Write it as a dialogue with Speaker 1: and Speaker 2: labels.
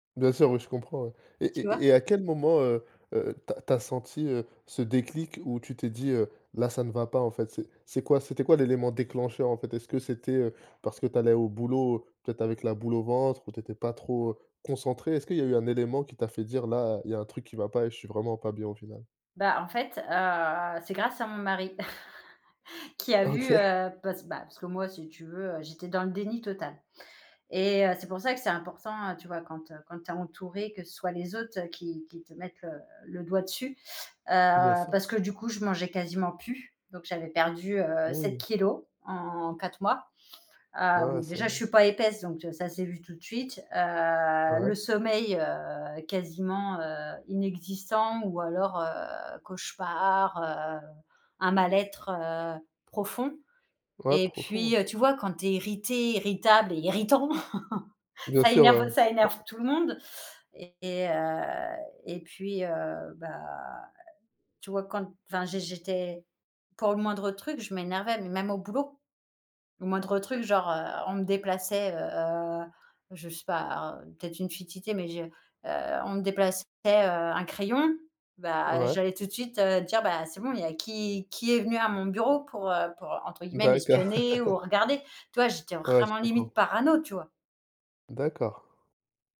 Speaker 1: Bien sûr, oui, je comprends, ouais et
Speaker 2: Tu vois?
Speaker 1: et et à quel moment, heu heu, tu as tu as senti, heu, ce déclic où tu t'es dit, heu: «Là, ça ne va pas, en fait»? C'est c'est quoi c'était quoi, l'élément déclencheur, en fait? Est-ce que c'était, heu, parce que tu allais au boulot, peut-être avec la boule au ventre ou tu étais pas trop, heu, concentrée? Est-ce qu'il y a eu un élément qui t'a fait dire: «Là, il y a un truc qui va pas et je suis vraiment pas bien» au final?
Speaker 2: Bah, en fait, heu, c'est grâce à mon mari qui a
Speaker 1: Ah
Speaker 2: vu,
Speaker 1: OK.
Speaker 2: heu, parce bah, c parce que, moi, si tu veux, heu, j'étais dans le déni total et heu, c'est pour ça que c'est important, heu, tu vois, quand, heu, quand tu es entourée, que ce soit les autres qui qui te mettent, heu, le doigt dessus.
Speaker 1: Bien
Speaker 2: Heu parce
Speaker 1: sûr.
Speaker 2: que, du coup, je mangeais quasiment plus, donc j'avais perdu,
Speaker 1: Ah
Speaker 2: heu, 7
Speaker 1: ouI.
Speaker 2: kilogrammes en 4 mois.
Speaker 1: Ouais, ouais,
Speaker 2: Hem,
Speaker 1: c'est
Speaker 2: déjà, je suis pas épaisse donc heu, ça s'est vu tout de suite. Heu,
Speaker 1: Ouais.
Speaker 2: le sommeil, heu, quasiment, heu, inexistant ou alors, heu, cauchemars, heu, un mal-être, heu, profond
Speaker 1: Ouais,
Speaker 2: et
Speaker 1: profond, ouais.
Speaker 2: puis, heu, tu vois quand tu es irritée, irritable et irritant,
Speaker 1: Bien
Speaker 2: ça
Speaker 1: sûr, ouais,
Speaker 2: énerve
Speaker 1: ouais.
Speaker 2: ça
Speaker 1: P
Speaker 2: énerve tout le monde et heu et puis, heu, bah, tu vois, quand, enfin, j'ai j'étais pour le moindre truc, je m'énervais, mais même au boulot. Le moindre truc, genre, heu, on me déplaçait, heu-heu, je sais pas, un peut-être une futilité mais je heu, on me déplaçait, heu, un crayon, bah,
Speaker 1: Ouais.
Speaker 2: j'allais tout de suite, heu, dire: «Bah, c'est bon, il y a qui qui est venu à mon bureau pour, heu, pour, entre guillemets,
Speaker 1: D'accord.
Speaker 2: "m'espionner" ou regarder?» Tu vois? J'étais
Speaker 1: Ouais, je
Speaker 2: vraiment,
Speaker 1: comprends.
Speaker 2: limite, parano, tu vois?
Speaker 1: D'accord.